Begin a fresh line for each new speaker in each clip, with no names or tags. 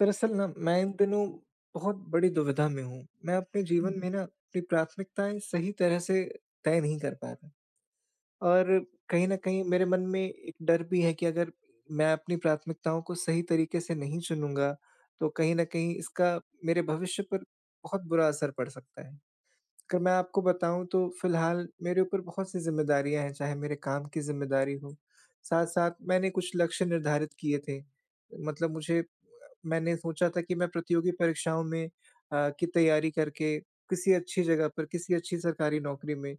दरअसल ना, मैं इन दिनों बहुत बड़ी दुविधा में हूँ। मैं अपने जीवन
हुँ।
में ना, अपनी प्राथमिकताएँ सही तरह से तय नहीं कर रहा। और कहीं न कहीं, मेरे मन में एक डर भी है कि अगर मैं अपनी प्राथमिकताओं को सही तरीके से नहीं चुनूँगा, तो कहीं न कहीं इसका मेरे भविष्य पर बहुत बुरा असर पड़ सकता है। अगर मैं आपको बताऊँ, तो फिलहाल मेरे ऊपर बहुत-सी ज़िम्मेदारियाँ हैं, चाहे मेरे काम की ज़िम्मेदारी हो, साथ-साथ मैंने कुछ लक्ष्य निर्धारित किए थे। मतलब मुझे अ, मैंने सोचा था कि मैं प्रतियोगी परीक्षाओं में अ, की तैयारी करके किसी अच्छी जगह पर, किसी अच्छी सरकारी नौकरी में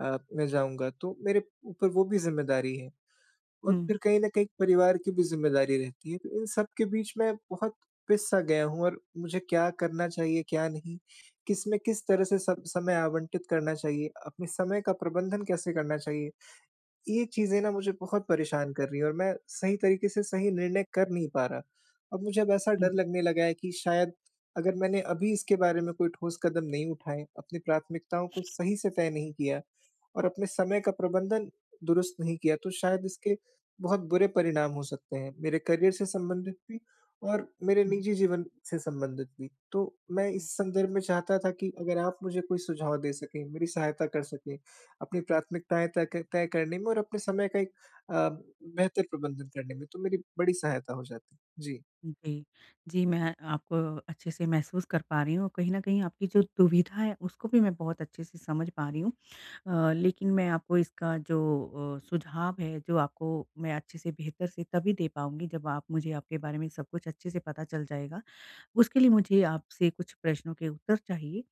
अ, मैं जाऊँगा। तो मेरे ऊपर वो भी ज़िम्मेदारी है और
हुँ।
फिर कहीं न कहीं एक परिवार की भी ज़िम्मेदारी रहती है। तो इन सब के बीच में बहुत पिस-सा गया हूँ और मुझे क्या करना चाहिए, क्या नहीं, किसमें किस तरह से स समय आवंटित करना चाहिए, अपने समय का प्रबंधन कैसे करना चाहिए? ये चीज़ें ना मुझे बहुत परेशान कर रही हैं और मैं सही तरीके से सही निर्णय कर नहीं पा रहा। अब मुझे अब ऐसा
हुँ।
डर लगने लगा है कि शायद, अगर मैंने अभी इसके बारे में कोई ठोस कदम नहीं उठाए, अपनी प्राथमिकताओं को सही से तय नहीं किया और अपने समय का प्रबंधन दुरुस्त नहीं किया, तो शायद इसके बहुत बुरे परिणाम हो सकते हैं, मेरे करियर से संबंधित भी और मेरे
हुँ।
निजी जीवन से संबंधित भी। तो मैं इस
हुँ।
संदर्भ में चाहता था कि अगर आप मुझे कोई सुझाव दे सकें, मेरी सहायता कर सकें, अपनी प्राथमिकताएँ त क तय करने में और अपने समय का एक अ, बेहतर प्रबंधन करने में, तो मेरी बड़ी सहायता हो जाती। जी।
ओके। जी, मैं आप अच्छे से महसूस कर पा रही हूँ, कहीं न कहीं आपकी जो दुविधा है, उसको भी मैं बहुत अच्छे से समझ पा रही हूँ। अ, लेकिन मैं आपको इसका जो अ, सुझाव है, जो आपको मैं अच्छे से, बेहतर से तभी दे पाऊँगी, जब आप मुझे आपके बारे में सब कुछ अच्छे से पता चल जाएगा, उसके लिए मुझे आपसे कुछ प्रश्नों के उत्तर चाहिए।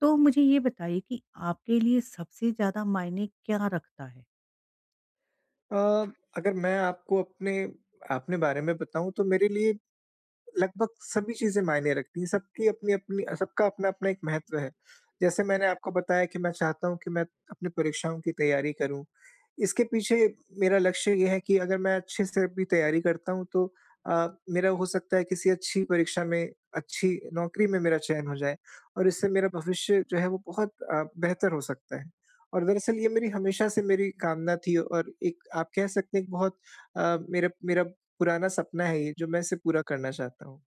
तो मुझे ये बताइए कि आपके लिए सबसे ज़्यादा मायने क्या रखता है?
अ, अगर मैं आपको अपने अपने बारे में बताऊँ तो मेरे लिए लगभग सभी चीज़ें मायने रखती है। सबकी अपनी-अपनी सबका अपना-अपना एक महत्व हैं। जैसे मैंने आपको बताया कि मैं चाहता हूँ कि मैं अपनी परीक्षाओं की तैयारी करूँ। इसके पीछे मेरा लक्ष्य ये है कि अगर मैं अच्छे से भी तैयारी करता हूँ तो अ, मेरा हो सकता है किसी अच्छी परीक्षा में अच्छी नौकरी में मेरा चयन हो जाए। और इससे मेरा भविष्य जो है वो बहुत अ, बेहतर हो सकता है। और दरअसल ये मेरी हमेशा से मेरी कामना थी और एक आप कह सकते हैं एक बहुत अ, मेरा मेरा पुराना सपना है ये जो मैं इसे पूरा करना चाहता हूँ।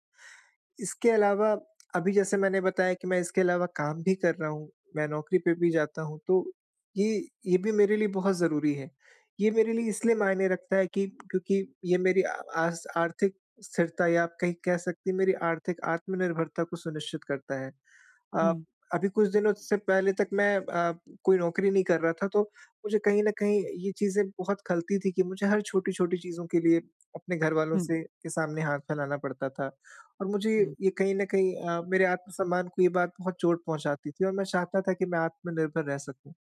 इसके अलावा अभी जैसे मैंने बताया कि मैं इसके अलावा काम भी कर रहा हूँ, मैं नौकरी पे भी जाता हूँ। तो ये ये भी मेरे लिए बहुत ज़रूरी है। ये मेरे लिए इसलिए मायने रखता है कि क्योंकि ये मेरी आस आर्थिक स्थिरता या आप कहीं कह सकती हैं मेरी आर्थिक आत्मनिर्भरता को सुनिश्चित करता है। अ,
हुँ।
अभी कुछ दिनों से पहले तक मैं अ, कोई नौकरी नहीं कर रहा था तो मुझे कहीं न कहीं ये चीज़ें बहुत खलती थी कि मुझे हर छोटी-छोटी चीज़ों के लिए अपने घर वालों
हुँ।
से के सामने हाथ फैलाना पड़ता था। और मुझे
हुँ।
ये कहीं न कहीं अ, मेरे आत्म-सम्मान को ये बात बहुत चोट पहुँचाती थी और मैं चाहता था कि मैं आत्मनिर्भर रह सकूँ।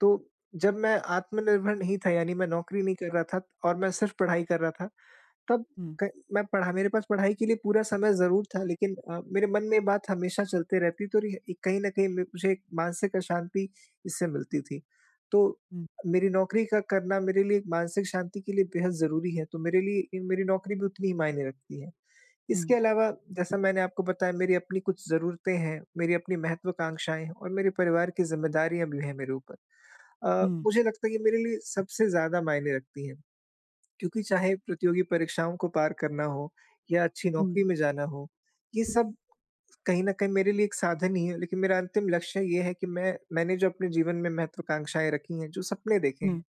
तो जब मैं आत्मनिर्भर नहीं था यानी मैं नौकरी नहीं कर रहा था और मैं सिर्फ पढ़ाई कर रहा था, तब
हुँ।
क मैं पढ़ा मेरे पास पढ़ाई के लिए पूरा समय ज़रूर था लेकिन अ, मेरे मन में ये बात हमेशा चलते रहती तो रिह इक कहीं न कहीं म मुझे एक मानसिक अशाँति इससे मिलती थी। तो
हुँ।
मेरी नौकरी का करना मेरे लिए एक मानसिक शाँति के लिए बेहद ज़रूरी है। तो मेरे लिए मेरी नौकरी भी उतनी ही मायने रखती है। इसके
हुँ।
अलावा जैसा मैंने आपको बताया मेरी अपनी कुछ ज़रूरतें हैं, मेरी अपनी महत्वाकांक्षाएँ हैं और मेरे परिवार की ज़िम्मेदारियाँ भी हैं मेरे ऊपर। अ,
हुँ।
मुझे लगता है कि मेरे लिए सबसे ज़्यादा मायने रखती है। क्योंकि चाहे प्रतियोगी परीक्षाओं को पार करना हो या अच्छी
हुँ।
नौकरी में जाना हो, ये सब कहीं न कहीं मेरे लिए एक साधन ही है। लेकिन मेरा अंतिम लक्ष्य ये है कि मैं मैंने जो अपने जीवन में महत्वाकांक्षाएँ रखी हैं, जो सपने देखे
हुँ।
हैं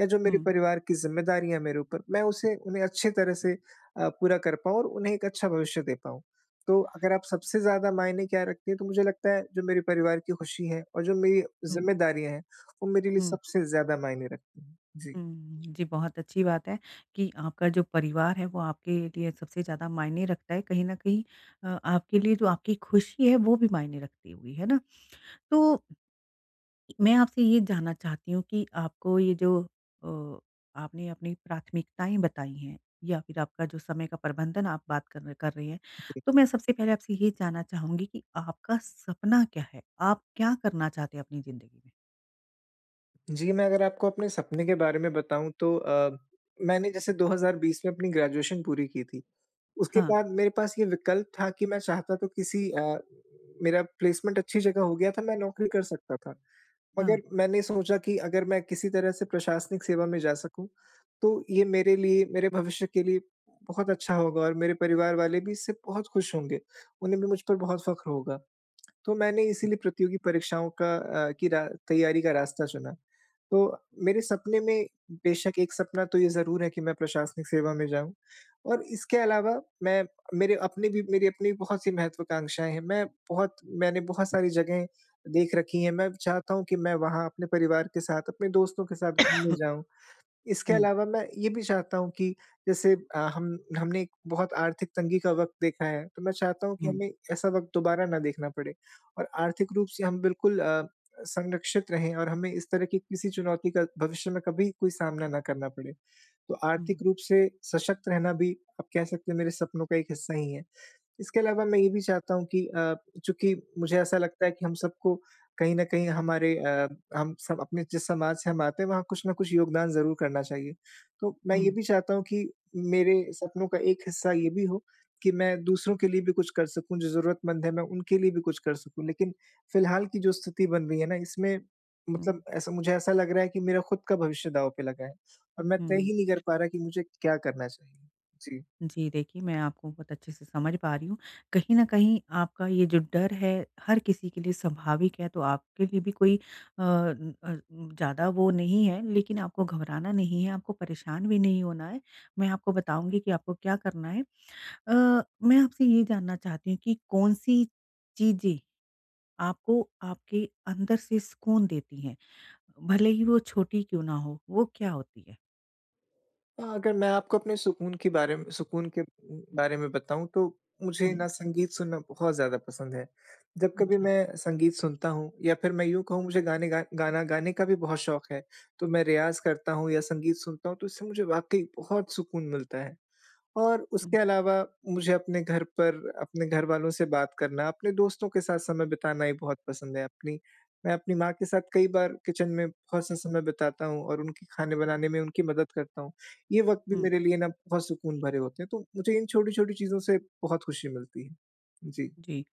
या जो मेरे
हुँ।
परिवार की जिम्मेदारियाँ मेरे ऊपर मैं उसे उन्हें अच्छी तरह से अ, पूरा कर पाऊँ और उन्हें एक अच्छा भविष्य दे पाऊँ। तो अगर आप सबसे ज़्यादा मायने क्या रखती हैं? तो मुझे लगता है जो मेरे परिवार की ख़ुशी है और जो मेरी
हुँ।
ज़िम्मेदारियाँ हैं वो मेरे लिए
हुँ।
सबसे ज़्यादा मायने रखती हैं। जी।
हुँ। जी, बहुत अच्छी बात है कि आपका जो परिवार है वो आपके लिए सबसे ज़्यादा मायने रखता है कहीं न कहीं। अ, आपके लिए जो आपकी खुशी है वो भी मायने रखती होगी है ना? तो मैं आपसे ये जानना चाहती हूँ कि आपको ये जो अ, आपने अपनी प्राथमिकताएँ बताई हैं या फिर आपका जो समय का प्रबंधन आप बात कर न कर रहे हैं,
जी।
तो मैं सबसे पहले आपसे ये जानना चाहूँगी कि आपका सपना क्या है? आप क्या करना चाहते हैं अपनी ज़िन्दगी में?
जी, मैं अगर आपको अपने सपने के बारे में बताऊँ, तो अ, मैंने जैसे 2020 में अपनी ग्रेजुएशन पूरी की थी। उसके
हाँ।
बाद मेरे पास ये विकल्प था कि मैं चाहता, तो किसी अ, मेरा प्लेसमेंट अच्छी जगह हो गया था, मैं नौकरी कर सकता था।
हाँ।
मगर मैंने सोचा कि अगर मैं किसी तरह से प्रशासनिक सेवा में जा सकूँ, तो ये मेरे लिए, मेरे भविष्य के लिए बहुत अच्छा होगा और मेरे परिवार वाले भी इससे बहुत खुश होंगे। उन्हें भी मुझ पर बहुत फ़ख़्र होगा। तो मैंने इसीलिए प्रतियोगी परीक्षाओं का अ, की रा तैयारी का रास्ता चुना। तो मेरे सपने में बेशक एक सपना तो ये ज़रूर है कि मैं प्रशासनिक सेवा में जाऊँ और इसके अलावा मैं मेरे अपने भी मेरी अपनी बहुत-सी महत्वाकांक्षाएँ हैं। मैं बहुत मैंने बहुत सारी जगहें देख रखी हैं, मैं चाहता हूँ कि मैं वहाँ अपने परिवार के साथ, अपने दोस्तों के साथ घूमने जाऊँ। इसके
हुँ।
अलावा मैं ये भी चाहता हूँ कि जैसे अ, हम हमने एक बहुत आर्थिक तंगी का वक़्त देखा है, तो मैं चाहता हूँ कि
हुँ।
हमें ऐसा वक़्त दोबारा ना देखना पड़े और आर्थिक रूप से हम बिल्कुल अ, संरक्षित रहें और हमें इस तरह की किसी चुनौती का भविष्य में कभी कोई सामना ना करना पड़े। तो आर्थिक
हुँ।
रूप से सशक्त रहना भी, आप कह सकते हैं, मेरे सपनों का एक हिस्सा ही है। इसके अलावा मैं ये भी चाहता हूँ कि अ, चूँकि मुझे ऐसा लगता है कि हम सबको कहीं न कहीं हमारे अ, हम सब अपने जिस समाज से हम आते हैं, वहाँ कुछ न कुछ योगदान ज़रूर करना चाहिए। तो मैं ये
हुँ।
भी चाहता हूँ कि मेरे सपनों का एक हिस्सा ये भी हो कि मैं दूसरों के लिए भी कुछ कर सकूँ, जो ज़रूरतमंद है, मैं उनके लिए भी कुछ कर सकूँ। लेकिन फिलहाल की जो स्थिति बन रही है ना, इसमें मतलब
हुँ।
ऐसा मुझे ऐसा लग रहा है कि मेरा खुद का भविष्य दाव पे लगा है और मैं तय
हुँ।
ही नहीं कर पा रहा कि मुझे क्या करना चाहिए। जी।
जी। देखिए, मैं आपको बहुत अच्छे से समझ पा रही हूँ। कहीं न कहीं आपका ये जो डर है, हर किसी के लिए स्वाभाविक है, तो आपके लिए भी कोई अन अ, ज़्यादा वो नहीं है, लेकिन आपको घबराना नहीं है, आपको परेशान भी नहीं होना है। मैं आपको बताऊँगी कि आपको क्या करना है। अ, मैं आपसे ये जानना चाहती हूँ कि कौन-सी चीज़ें आपको, आपके अंदर से सुकून देती हैं, भले ही वो छोटी ही क्यों ना हों, वो क्या होती है?
अ अगर मैं आपको अपने सुकून के बारे में सुकून के उ बारे में बताऊँ तो मुझे
हुँ।
न संगीत सुनना बहुत ज़्यादा पसंद है। जब कभी
अच्छा।
मैं संगीत सुनता हूँ या फिर मैं यूँ कहूँ मुझे गाने गा गाना गाने का भी बहुत शौक है तो मैं रियाज़ करता हूँ या संगीत सुनता हूँ तो उससे मुझे वाक़ई बहुत सुकून मिलता है। और उसके
हुँ।
अलावा मुझे अपने घर पर अपने घर वालों से बात करना अपने दोस्तों के साथ समय बिताना ही बहुत पसंद है। अपनी, मैं अपनी माँ के साथ कई बार किचन में बहुत-सा समय बिताता हूँ और उनकी खाने बनाने में उनकी मदद करता हूँ। ये वक़्त भी
हुँ।
मेरे लिए न बहुत सुकून भरे होते हैं तो मुझे इन छोटी-छोटी चीज़ों से बहुत खुशी मिलती है। जी।
जी,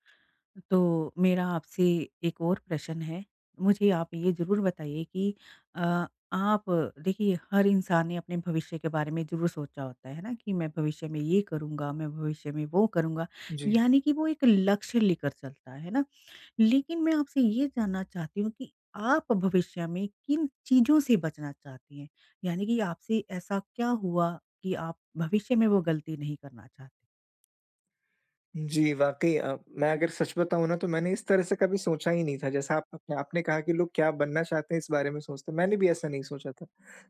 तो मेरा आपसे एक और प्रश्न है मुझे आप ये ज़रूर बताइए कि अ आप देखिए हर इंसान ने अपने भविष्य के बारे में ज़रूर सोचा होता है। है ना? कि मैं भविष्य में ये करूँगा, मैं भविष्य में वो करूँगा
जी।
यानी कि वो एक लक्ष्य लेकर चलता है। है ना? लेकिन मैं आपसे ये जानना चाहती हूँ कि, आप भविष्य में किन चीज़ों से बचना चाहती हैं यानी कि आपसे ऐसा क्या हुआ, कि आप भविष्य में वो गलती नहीं करना चाहती?
जी, वाक़ई अ, मैं अगर सच बताऊँ ना तो मैंने इस तरह से कभी सोचा ही नहीं था जैसा आप अपने आपने कहा कि लोग क्या बनना चाहते हैं इस बारे में सोचते हैं, मैंने भी ऐसा नहीं सोचा था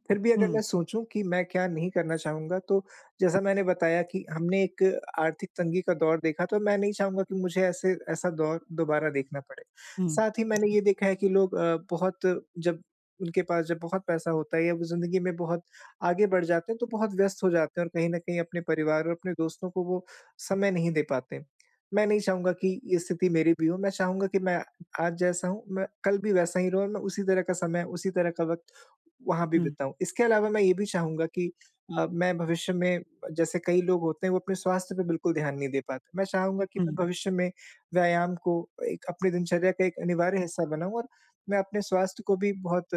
फिर भी अगर
हुँ।
मैं सोचूँ कि मैं क्या नहीं करना चाहूँगा तो जैसा मैंने बताया कि हमने एक आर्थिक तंगी का दौर देखा, तो मैं नहीं चाहूँगा कि मुझे ऐसे ऐसा दौर दोबारा देखना पड़े।
हुँ।
साथ ही मैंने ये देखा है कि लोग अ, बहुत जब उनके पास जब बहुत पैसा होता है या वो ज़िंदगी में बहुत आगे बढ़ जाते हैं तो बहुत व्यस्त हो जाते हैं और कहीं न कहीं अपने परिवार और अपने दोस्तों को वो समय नहीं दे पाते हैं। मैं नहीं चाहूँगा कि ये स्थिति मेरी भी हो मैं चाहूँगा कि मैं आज जैसा हूँ, मैं कल भी वैसा ही रहूँ और मैं उसी तरह का समय, उसी तरह का वक़्त वहाँ भी
हुँ।
बिताऊँ। इसके अलावा मैं ये भी चाहूँगा कि अ, मैं भविष्य में जैसे कई लोग होते हैं वो अपने स्वास्थ्य पे बिल्कुल ध्यान नहीं दे पाते, मैं चाहूँगा कि
हुँ।
मैं भविष्य में व्यायाम को एक अपनी दिनचर्या का एक अनिवार्य हिस्सा बनाऊँ और मैं अपने स्वास्थ्य को भी बहुत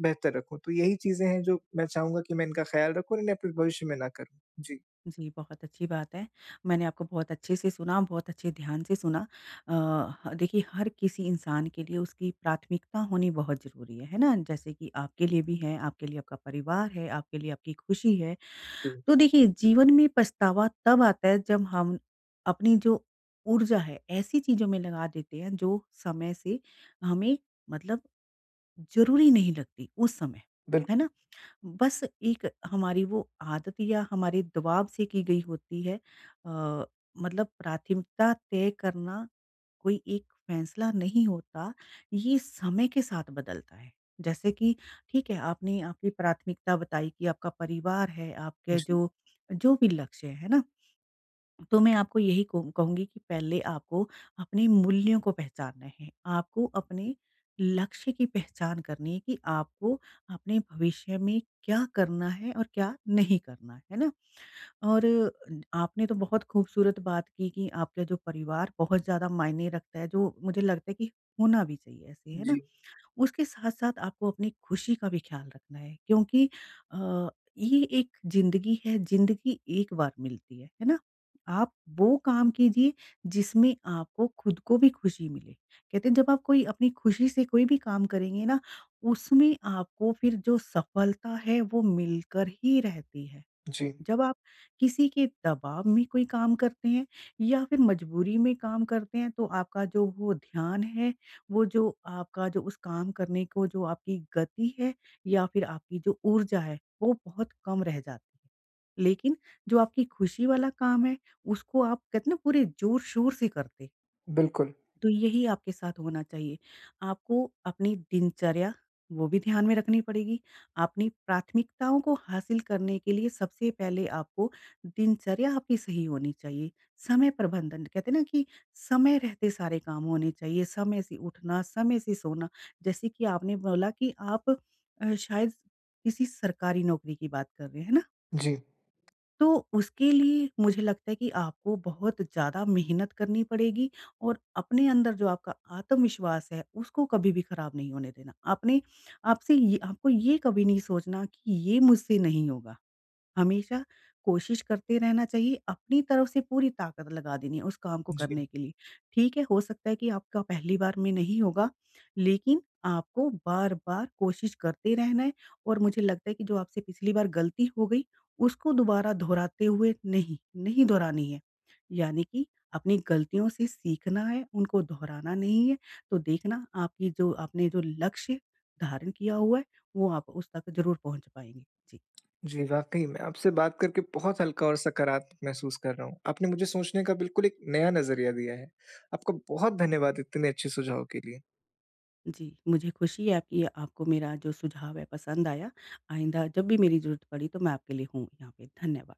बेहतर रखूँ। तो यही चीज़ें हैं जो मैं चाहूँगा कि मैं इनका ख़याल रखूँ और इन्हें अपने भविष्य में ना करूँ, जी।
जी, बहुत अच्छी बात है, मैंने आपको बहुत अच्छे से सुना, बहुत अच्छे ध्यान से सुना। अ, ह देखिए हर किसी इंसान के लिए उसकी प्राथमिकता होनी बहुत ज़रूरी है, है ना? जैसे कि आपके लिए भी है। आपके लिए आपका परिवार है, आपके लिए आपकी खुशी है,
हुँ।
तो देखिए जीवन में पछतावा तब आता है जब हम अपनी जो ऊर्जा है ऐसी चीज़ों में लगा देते हैं जो समय से हमें मतलब ज़रूरी नहीं लगती उस समय। है
बिल्कुल।
ना? बस एक हमारी वो आदत या हमारी दवाब से की गई होती है अ, मतलब प्राथमिकता तय करना कोई एक फैसला नहीं होता ये समय के साथ बदलता है। जैसे कि ठीक है आपने आपकी प्राथमिकता बताई कि आपका परिवार है आपके
जी।
जो, जो भी लक्ष्य है ना? तो मैं आपको यही कहूँ कहूँगी कि पहले आपको अपने मूल्यों को पहचानना है, आपको अपने लक्ष्य की पहचान करनी है कि आपको अपने भविष्य में क्या करना है और क्या नहीं करना है ना? और आपने तो बहुत खूबसूरत बात की कि आपके जो परिवार बहुत ज़्यादा मायने रखता है जो मुझे लगता है कि होना भी चाहिए ऐसे है ना,
जी।
उसके साथ-साथ आपको अपनी खुशी का भी ख़याल रखना है क्योंकि अ, ये एक ज़िंदगी है, ज़िंदगी एक बार मिलती है, है ना? आप वो काम कीजिए जिसमें आपको खुद को भी खुशी मिले, कहते हैं जब आप कोई अपनी खुशी से कोई भी काम करेंगे ना उसमें आपको फिर जो सफलता है वो मिलकर ही रहती है।
जी।
जब आप किसी के दबाव में कोई काम करते हैं या फिर मजबूरी में काम करते हैं तो आपका जो वो ध्यान है वो जो आपका जो उस काम करने को जो आपकी गति है या फिर आपकी जो ऊर्जा है वो बहुत कम रह जाती है। लेकिन जो आपकी खुशी वाला काम है उसको आप कहते ना पूरे ज़ोर-शोर से करते।
बिल्कुल।
तो यही आपके साथ होना चाहिए, आपको अपनी दिनचर्या वो भी ध्यान में रखनी पड़ेगी अपनी प्राथमिकताओं को हासिल करने के लिए सबसे पहले आपको दिनचर्या आपकी सही होनी चाहिए। समय प्रबंधन, कहते हैं ना कि समय रहते सारे काम होने चाहिए समय से उठना, समय से सोना, जैसे कि आपने बोला कि आप अ, शायद किसी सरकारी नौकरी की बात कर रहे हैं। हैं ना?
जी।
तो उसके लिए मुझे लगता है कि आपको बहुत ज़्यादा मेहनत करनी पड़ेगी और अपने अंदर जो आपका आत्मविश्वास है उसको कभी भी खराब नहीं होने देना। आपने आपसे ये आपको ये कभी नहीं सोचना कि ये मुझसे नहीं होगा, हमेशा कोशिश करते रहना चाहिए अपनी तरफ से पूरी ताकत लगा देनी है उस काम को
जी।
करने के लिए, ठीक है हो सकता है कि आपका पहली बार में नहीं होगा, लेकिन आपको बार-बार कोशिश करते रहना है, और मुझे लगता है कि जो आपसे पिछली बार गलती हो गई उसको दोबारा दोहराते हुए नहीं, नहीं दोहरानी है, यानी कि अपनी गलतियों से सीखना है उनको दोहराना नहीं है। तो देखना आपने जो, आपने जो लक्ष्य धारण किया हुआ है वो आप उस तक ज़रूर पहुँच पाएँगे। जी।
जी, वाक़ई में आपसे बात करके बहुत हल्का और सकारात्मक महसूस कर रहा हूँ, आपने मुझे सोचने का बिल्कुल एक नया नज़रिया दिया है। आपका बहुत धन्यवाद इतने अच्छे सुझावों के लिए।
जी मुझे खुशी है कि आपको मेरा जो सुझाव है पसंद आया, आइंदा जब भी मेरी ज़रूरत पड़ी तो मैं आपके लिए हूँ यहाँ पे। धन्यवाद।